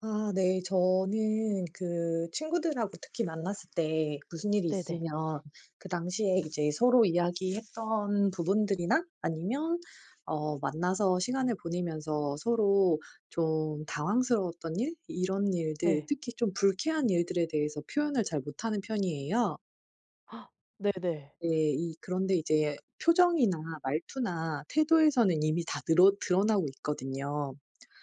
아 네. 저는 그 친구들하고 특히 만났을 때 무슨 일이 네네. 있으면 그 당시에 이제 서로 이야기했던 부분들이나 아니면 어 만나서 시간을 보내면서 서로 좀 당황스러웠던 일 이런 일들 예. 특히 좀 불쾌한 일들에 대해서 표현을 잘 못하는 편이에요. 네네. 네 이 그런데 이제 표정이나 말투나 태도에서는 이미 다 느럿 드러나고 있거든요.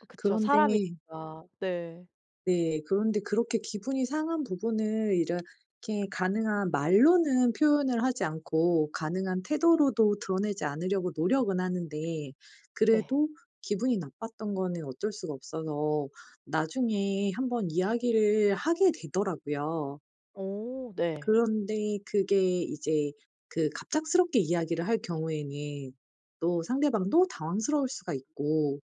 어 그쵸. 그런데 사람이니까. 네. 네, 그런데 그렇게 기분이 상한 부분을 이렇게 가능한 말로는 표현을 하지 않고 가능한 태도로도 드러내지 않으려고 노력은 하는데, 네. 그래도 기분이 나빴던 거는 어쩔 수가 없어서 나중에 한번 이야기를 하게 되더라고요. 어 네. 그런데 그게 이제 그 갑작스럽게 이야기를 할 경우에는 또 상대방도 당황스러울 수가 있고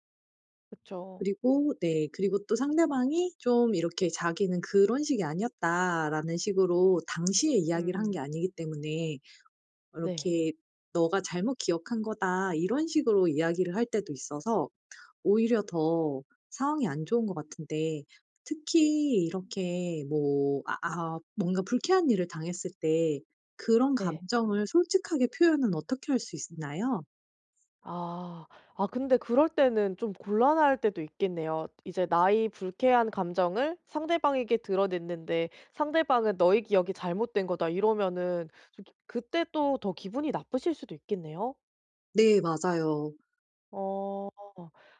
그쵸. 그리고 네. 그리고 또 상대방이 좀 이렇게 자기는 "그런 식이 아니었다."라는 식으로 당시에 이야기를 한 음. 게 아니기 때문에 네. 이렇게 "네가 잘못 기억한 거다." 이런 식으로 이야기를 할 때도 있어서 오히려 더 상황이 안 좋은 것 같은데 특히 이렇게 뭐 아 아 뭔가 불쾌한 일을 당했을 때 그런 네. 감정을 솔직하게 표현은 어떻게 할 수 있나요? 아, 아 근데 그럴 때는 좀 곤란할 때도 있겠네요. 이제 나의 불쾌한 감정을 상대방에게 드러냈는데 상대방은 "너의 기억이 잘못된 거다." 이러면은 좀 기 그때 또 더 기분이 나쁘실 수도 있겠네요. 네 맞아요. 어.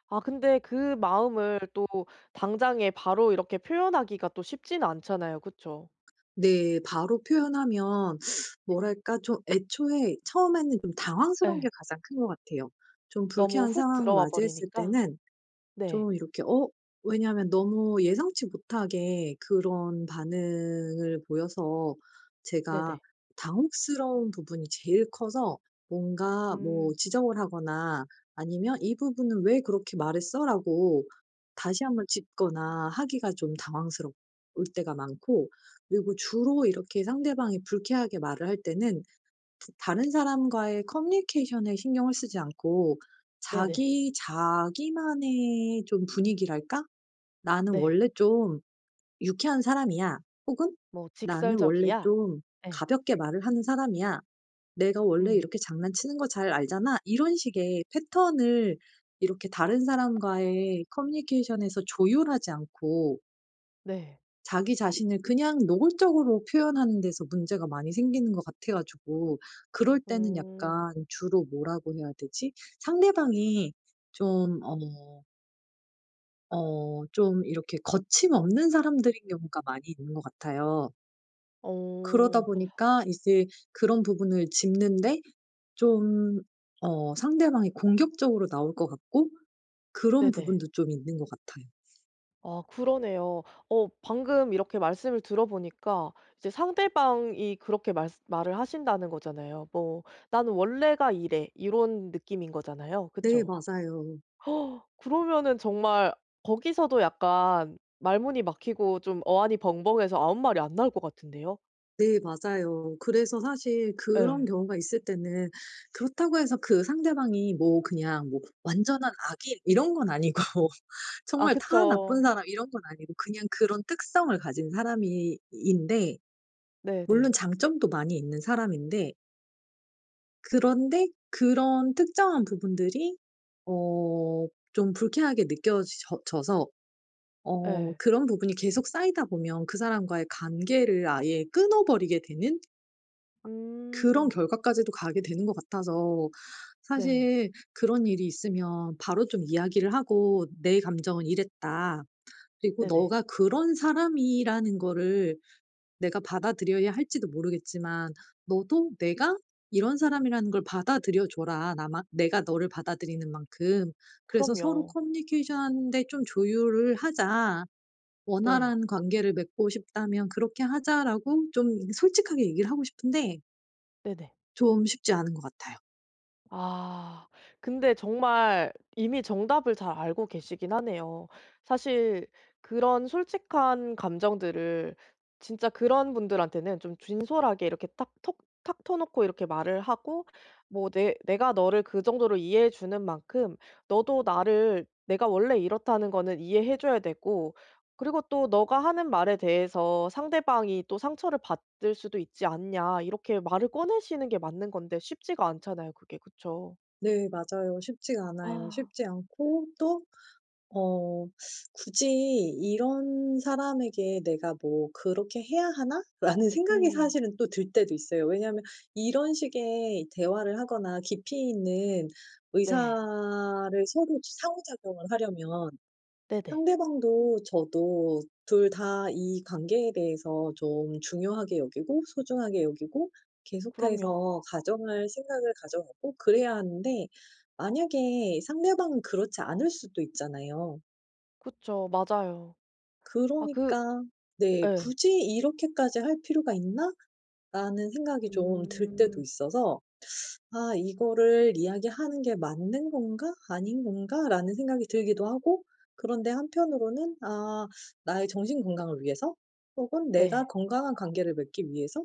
아 근데 그 마음을 또 당장에 바로 이렇게 표현하기가 또 쉽지는 않잖아요, 그쵸? 네 바로 표현하면 뭐랄까 좀 애초에 처음에는 좀 당황스러운 게 예. 가장 큰 것 같아요. 좀 너무 불쾌한 훅 상황을 들어와 맞이했을 버리니까? 때는 네. 좀 이렇게 어 왜냐하면 너무 예상치 못하게 그런 반응을 보여서 제가 네네. 당혹스러운 부분이 제일 커서 뭔가 뭐 음. 지적을 하거나 아니면 "이 부분은 왜 그렇게 말했어?"라고 다시 1 번 짚거나 하기가 좀 당황스러울 때가 많고 그리고 주로 이렇게 상대방이 불쾌하게 말을 할 때는 다 다른 사람과의 커뮤니케이션에 신경을 쓰지 않고 네네. 자기 자기만의 좀 분위기랄까 '나는 네. 원래 좀 유쾌한 사람이야.' 혹은 뭐 '나는 원래 "직설적이야." 좀 예. 가볍게 말을 하는 사람이야. 내가 원래 음. 이렇게 장난치는 거 잘 알잖아.' 이런 식의 패턴을 이렇게 다른 사람과의 커뮤니케이션에서 조율하지 않고 네. 자기 자신을 그냥 노골적으로 표현하는 데서 문제가 많이 생기는 것 같아 가지고 그럴 때는 음. 약간 주로 뭐라고 해야 되지? 상대방이 좀 어 어 좀 이렇게 거침없는 사람들인 경우가 많이 있는 것 같아요. 그러다 어. 보니까 이제 그런 부분을 짚는데 좀 어 상대방이 공격적으로 나올 것 같고 그런 네네. 부분도 좀 있는 것 같아요. 아 그러네요. 어 방금 이렇게 말씀을 들어 보니까 이제 상대방이 그렇게 말쓰 말을 하신다는 거잖아요. 뭐 "나는 원래가 이래." 이런 느낌인 거잖아요 네 그쵸? 맞아요. 그러면은 정말 거기서도 약간 말문이 막히고 좀 어안이 벙벙해서 아무 말이 안 나올 것 같은데요. 네 맞아요. 그래서 사실 그런 예. 경우가 있을 때는 그렇다고 해서 그 상대방이 뭐 그냥 뭐 완전한 악인 이런 건 아니고 아 정말 다 나쁜 그쵸. 사람 이런 건 아니고 그냥 그런 특성을 가진 사람이 인데 물론 네네. 장점도 많이 있는 사람인데 그런데 그런 특정한 부분들이 어 좀 불쾌하게 느껴져 져서 어 예. 그런 부분이 계속 쌓이다 보면 그 사람과의 관계를 아예 끊어버리게 되는 그런 음. 결과까지도 가게 되는 것 같아서 네. 사실 그런 일이 있으면 바로 좀 이야기를 하고 "내 감정은 이랬다. 그리고 네네. 너가 그런 사람이라는 거를 내가 받아들여야 할지도 모르겠지만 너도 내가 이런 사람이라는 걸 받아들여 줘라, 나만 내가 너를 받아들이는 만큼. 그래서 서로 그럼요. 커뮤니케이션하는 데 좀 조율을 하자. 네. 원활한 관계를 맺고 싶다면 그렇게 하자."라고 좀 솔직하게 얘기를 하고 싶은데 네네. 좀 쉽지 않은 것 같아요. 아 근데 정말 이미 정답을 잘 알고 계시긴 하네요. 사실 그런 솔직한 감정들을 진짜 그런 분들한테는 좀 진솔하게 이렇게 딱 톡 탁 터 놓고 이렇게 말을 하고 뭐 "내 내가 너를 그 정도로 이해해 주는 만큼 너도 나를 내가 원래 이렇다는 거는 이해해 줘야 되고 그리고 또 너가 하는 말에 대해서 상대방이 또 상처를 받을 수도 있지 않냐." 이렇게 말을 꺼내시는 게 맞는 건데 쉽지가 않잖아요, 그게. 그쵸. 네 맞아요. 쉽지가 않아요. 아. 쉽지 않고 또 어 '굳이 이런 사람에게 내가 뭐 그렇게 해야 하나?' 라는 생각이 음. 사실은 또 들 때도 있어요. 왜냐하면 이런 식의 대화를 하거나 깊이 있는 네. 의사를 서로 상호 작용을 하려면 네네. 상대방도 저도 2 다 이 관계에 대해서 좀 중요하게 여기고 소중하게 여기고 그럼요. 계속해서 가져갈 생각을 가져가고 그래야 하는데 만약에 상대방은 그렇지 않을 수도 있잖아요. 그쵸. 맞아요. 아 그 그러니까 네. 예. '굳이 이렇게까지 할 필요가 있나?'라는 생각이 좀 들 때도 음. 있어서 '아 이거를 이야기하는 게 맞는 건가, 아닌 건가.'라는 생각이 들기도 하고 그런데 한편으로는 아 나의 정신 건강을 위해서 혹은 내가 네. 건강한 관계를 맺기 위해서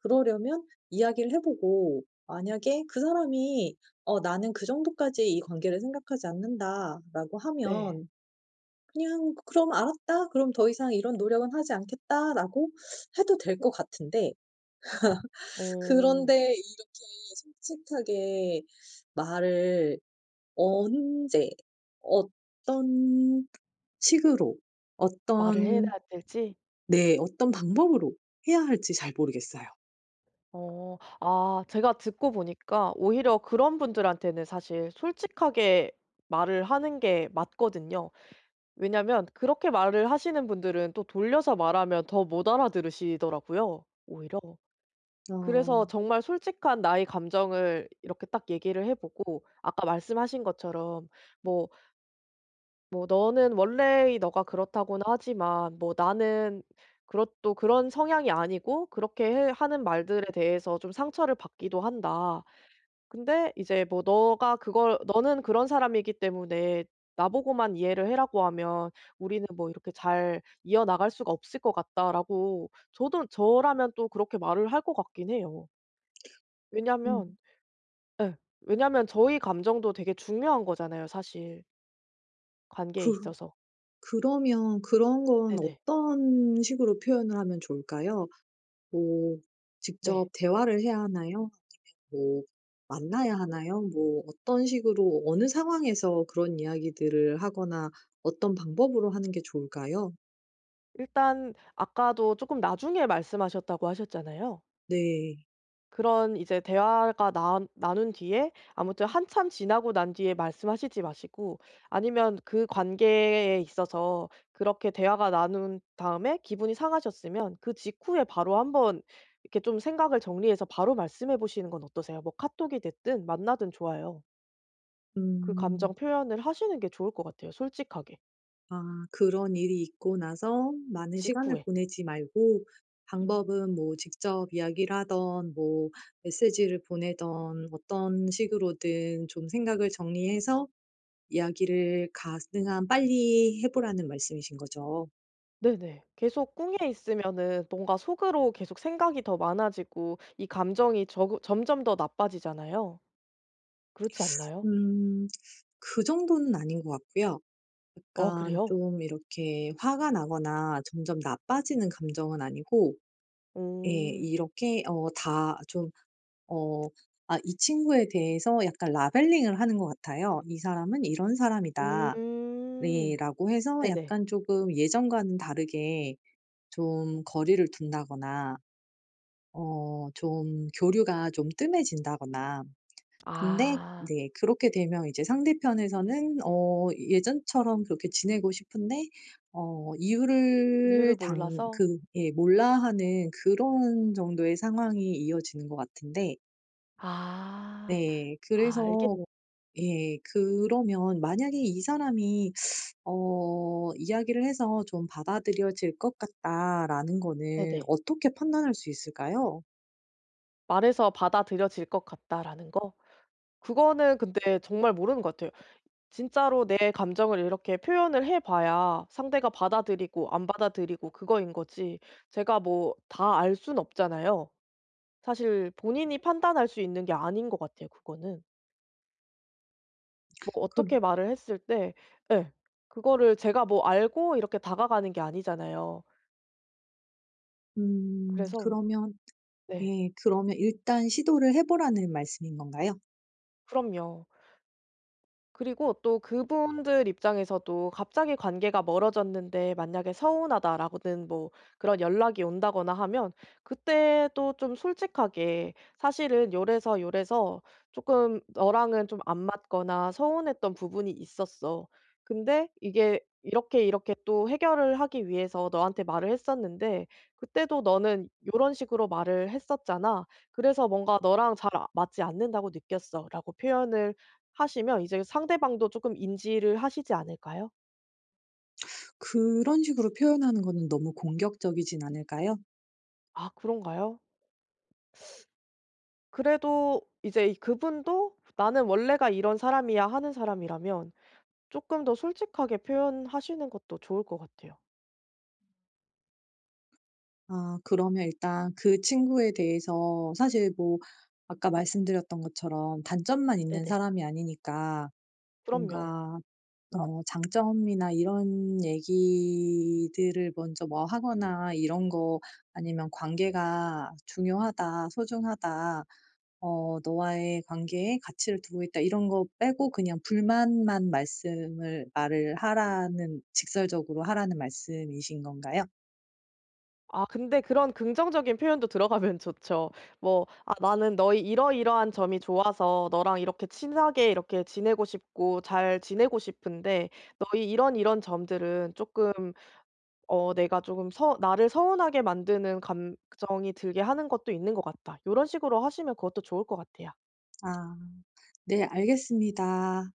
그러려면 이야기를 해보고 만약에 그 사람이 "어 나는 그 정도까지 이 관계를 생각하지 않는다."라고 네. 하면 그냥 "그럼 알았다. 그럼 더 이상 이런 노력은 하지 않겠다."라고 해도 될 것 같은데 어. 그런데 이렇게 솔직하게 말을 언제 어떤 식으로 말을 어떤 해야 될지? 네. 어떤 방법으로 해야 할지 잘 모르겠어요. 어. 아 제가 듣고 보니까 오히려 그런 분들한테는 사실 솔직하게 말을 하는 게 맞거든요. 왜냐면 그렇게 말을 하시는 분들은 또 돌려서 말하면 더 못 알아들으시더라고요, 오히려. 그래서 어. 정말 솔직한 나의 감정을 이렇게 딱 얘기를 해보고 아까 말씀하신 것처럼 뭐 뭐 너는 원래의 네가 그렇다고는 하지만 뭐 나는 그렇 또 그런 성향이 아니고 그렇게 해 하는 말들에 대해서 좀 상처를 받기도 한다. 근데 이제 뭐 너가 그걸 너는 그런 사람이기 때문에 나보고만 이해를 해라고 하면 우리는 뭐 이렇게 잘 이어나갈 수가 없을 것 같다."라고 저도 저라면 또 그렇게 말을 할 것 같긴 해요. 왜냐면 음. 예. 왜냐면 저의 감정도 되게 중요한 거잖아요, 사실 관계에 그 있어서. 그러면 그런 건 네네. 어떤 식으로 표현을 하면 좋을까요? 뭐 네. 직접 대화를 해야 하나요? 뭐 만나야 하나요? 뭐 어떤 식으로 어느 상황에서 그런 이야기들을 하거나 어떤 방법으로 하는 게 좋을까요? 일단 아까도 쪼끔 나중에 말씀하셨다고 하셨잖아요. 네. 그런 이제 대화가 나 나눈 뒤에 아무튼 한참 지나고 난 뒤에 말씀하시지 마시고 아니면 그 관계에 있어서 그렇게 대화가 나눈 다음에 기분이 상하셨으면 그 직후에 바로 한번 이렇게 좀 생각을 정리해서 바로 말씀해 보시는 건 어떠세요? 뭐 카톡이 됐든 만나든 좋아요. 그 음. 감정 표현을 하시는 게 좋을 것 같아요 솔직하게. 아 그런 일이 있고 나서 많은 시간을 직후에. 보내지 말고 방법은 뭐 직접 이야기를 하든 뭐 메시지를 보내든 어떤 식으로든 좀 생각을 정리해서 이야기를 가능한 빨리 해 보라는 말씀이신 거죠? 네네. 계속 꿍해 있으면은 뭔가 속으로 계속 생각이 더 많아지고 이 감정이 저그 점점 더 나빠지잖아요. 그렇지 않나요? 음 그 정도는 아닌 것 같고요. 어 약간 그래요? 좀 이렇게 화가 나거나 점점 나빠지는 감정은 아니고 예 오. 이렇게 어 다 좀 어 아 이 친구에 대해서 약간 라벨링을 하는 것 같아요. '이 사람은 이런 사람이다.' 예 음. 라고 해서 네네. 약간 쪼금 예전과는 다르게 좀 거리를 둔다거나 어 좀 교류가 좀 뜸해진다거나 근데 아. 네 그렇게 되면 이제 상대편에서는 어 예전처럼 그렇게 지내고 싶은데 어 이유를 이유를 당 몰라서? 그 예 몰라하는 그런 정도의 상황이 이어지는 것 같은데 아. 네. 아 알게 그래서 모 예 그러면 만약에 '이 사람이 어 이야기를 해서 좀 받아들여질 것 같다.'라는 거는 네네. 어떻게 판단할 수 있을까요? '말해서 받아들여질 것 같다.'라는 거? 그거는 근데 정말 모르는 것 같아요. 진짜로 내 감정을 이렇게 표현을 해 봐야 상대가 받아들이고 안 받아들이고 그거인 거지, 제가 뭐 다 알 순 없잖아요. 사실 본인이 판단할 수 있는 게 아닌 것 같아요 그거는. 뭐 그럼 어떻게 말을 했을 때 예 그거를 제가 뭐 알고 이렇게 다가가는 게 아니잖아요. 음. 그래서 그러면 네. 예 그러면 일단 시도를 해 보라는 말씀인 건가요? 그럼요. 그리고 또 그분들 입장에서도 갑자기 관계가 멀어졌는데 만약에 "서운하다."라거든 뭐 그런 연락이 온다거나 하면 그때도 좀 솔직하게 "사실은 요래서 요래서 쪼끔 너랑은 좀 안 맞거나 서운했던 부분이 있었어. 근데 이게 이렇게 이렇게 또 해결을 하기 위해서 너한테 말을 했었는데 그때도 너는 요런 식으로 말을 했었잖아. 그래서 뭔가 너랑 잘 아 맞지 않는다고 느꼈어."라고 표현을 하시면 이제 상대방도 쪼끔 인지를 하시지 않을까요? 그런 식으로 표현하는 거는 너무 공격적이진 않을까요? 아 그런가요? 그래도 이제 이 그분도 "나는 원래가 이런 사람이야." 하는 사람이라면 쪼끔 더 솔직하게 표현하시는 것도 좋을 것 같아요. 아 그러면 일단 그 친구에 대해서 사실 뭐 아까 말씀드렸던 것처럼 단점만 있는 네네. 사람이 아니니까 그럼요. 뭔가 어 장점이나 이런 얘기들을 먼저 뭐 하거나 이런 거 아니면 "관계가 중요하다. 소중하다. 어 너와의 관계에 가치를 두고 있다." 이런 거 빼고 그냥 불만만 말씀을 말을 하라는 직설적으로 하라는 말씀이신 건가요? 아 근데 그런 긍정적인 표현도 들어가면 좋죠. 뭐 "아 나는 너의 이러이러한 점이 좋아서 너랑 이렇게 친하게 이렇게 지내고 싶고 잘 지내고 싶은데 너의 이런 이런 점들은 쪼끔 어 내가 쪼금 서 나를 서운하게 만드는 감정이 들게 하는 것도 있는 것 같다." 요런 식으로 하시면 그것도 좋을 것 같아요. 아. 네 알겠습니다.